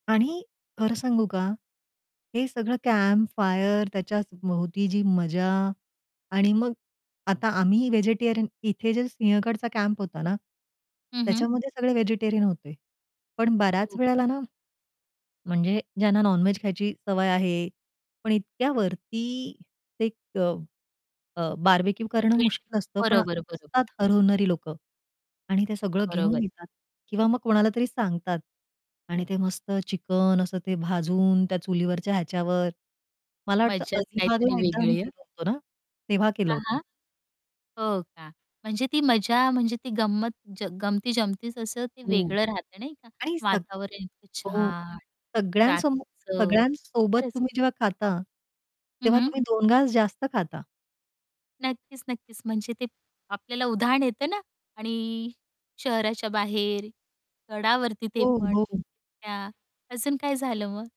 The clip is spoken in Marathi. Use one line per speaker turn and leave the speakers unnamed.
आणि खरं सांगू का, हे सगळं कॅम्पफायर त्याच्या भोवती जी मजा आणि मग आता आम्ही व्हेजिटेरियन इथे जे सिंहगडचा कॅम्प होता ना,
हं, हं.
त्याच्यामध्ये सगळे व्हेजिटेरियन होते. पण बऱ्याच
हो.
वेळेला ना, म्हणजे ज्यांना नॉन-व्हेज खायची सवय आहे, पण इतक्यावरती एक अ, बारबेक्यू करणं
[unintelligible]
मुश्कील असतं. पण
बरोबर,
असतात
बरोबर.
हरवणारी लोकं आणि ते सगळं घेऊन
बरोबर.
येतात. किंवा मग कोणाला तरी सांगतात आणि ते मस्त चिकन असं ते भाजून, त्या चुलीवरच्या ह्याच्यावर मला वाटतं
मज्जाच
अलिबागला
काहीतरी
एकदा आम्ही
वेगळी आहे.
गेलो होतो ना, तेव्हा केलं
हां,
होतं.
हां. हो का? म्हणजे ती मजा, म्हणजे ती गंमत ज गमती जमतीच असं ते
हो.
वेगळं राहत नाही का?
आणि सग
वातावरण इतकं
हो,
छान.
सगळ्यांसमो
रात्रीचं
सगळ्यांसोबत
खरंच
तुम्ही जेव्हा खाता.
हं,
तेव्हा
हं.
तुम्ही दोन घास जास्त खाता.
नक्कीच, नक्कीच म्हणजे ते आपल्याला उधाण येत ना आणि शहराच्या बाहेर, गडावरती ते
हो,
पण.
हो.
[unintelligible] अजून काय झालं मग?